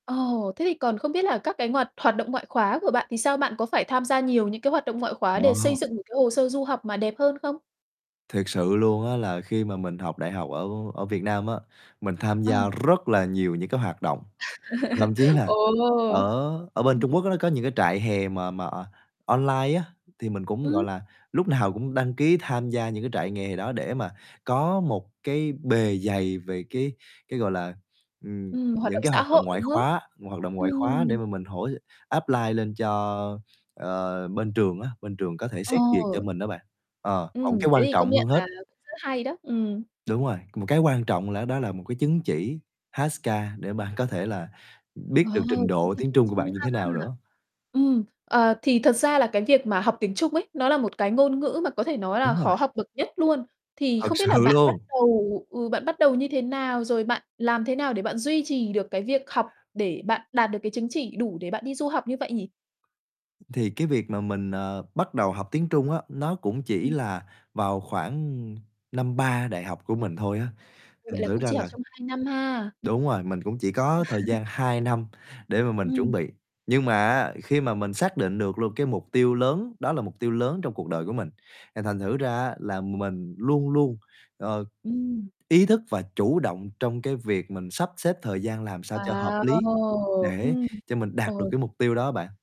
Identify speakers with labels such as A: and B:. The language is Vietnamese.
A: Ồ, thế thì còn không biết là các cái hoạt- hoạt động ngoại khóa của bạn thì sao? Bạn có phải tham gia nhiều những cái hoạt động ngoại khóa để xây
B: Wow.
A: dựng được cái hồ sơ du học mà đẹp hơn không?
B: Thiệt sự luôn á, là khi mà mình học đại học ở ở Việt Nam á, mình tham
A: Ờ.
B: gia rất là nhiều những cái hoạt động, thậm chí là
A: Ồ,
B: ở ở bên
A: ừm.
B: Trung Quốc nó có những cái trại hè mà mà online á, thì mình cũng, gọi
A: Ừm.
B: là, lúc nào cũng đăng ký tham gia những cái trại nghè đó để mà có một cái bề dày về cái cái, gọi là, ừm,
A: Ừm, hoạt
B: những
A: động
B: cái
A: xã
B: hoạt động
A: hội,
B: ngoại
A: đúng không?
B: khóa hoạt động ngoại khóa để
A: Ừm.
B: mà mình hỗ apply lên cho, ờ, bên trường á, bên trường có thể xét duyệt cho
A: Ồ.
B: mình đó bạn, ờ, còn
A: Ừm,
B: cái
A: thế
B: quan
A: thì công
B: trọng
A: nhận
B: hơn hết
A: là cũng rất hay đó, ừm.
B: Đúng rồi, một cái quan trọng là đó là một cái chứng chỉ HSK để bạn có thể là biết
A: Ờ,
B: được trình
A: chứng
B: độ
A: chỉ
B: tiếng
A: tiếng
B: Trung của
A: Trung
B: bạn như
A: ha.
B: thế nào nữa.
A: Ừm, ờ, thì thật ra là cái việc mà học tiếng Trung ấy, nó là một cái ngôn ngữ mà có thể nói là
B: Đúng rồi.
A: khó học bậc nhất luôn. Thì
B: Thật
A: không
B: sự
A: biết là bạn bắt
B: luôn.
A: đầu, ừ, bạn bắt đầu như thế nào, rồi bạn làm thế nào để bạn duy trì được cái việc học để bạn đạt được cái chứng chỉ đủ để bạn đi du học như vậy nhỉ?
B: Thì cái việc mà mình, ờ, bắt đầu học tiếng Trung á, nó cũng chỉ
A: Ừm.
B: là vào khoảng năm 3 đại học của mình thôi á,
A: Ừ, vậy
B: thành
A: là
B: thử
A: cũng
B: ra
A: chỉ học
B: là
A: trong 2 năm ha.
B: Đúng rồi, mình cũng chỉ có thời gian 2 năm để mà mình chuẩn
A: Ừm.
B: bị. Nhưng mà á, khi mà mình xác định được luôn cái mục tiêu lớn, đó là mục tiêu lớn trong cuộc đời của mình, thì thành thử ra á, là mình luôn luôn, ờ,
A: Ừm.
B: ý thức và chủ động trong cái việc mình sắp xếp thời gian làm sao cho hợp lý
A: Wow.
B: để
A: Ừm,
B: cho mình đạt được
A: ồ.
B: cái mục tiêu đó bạn.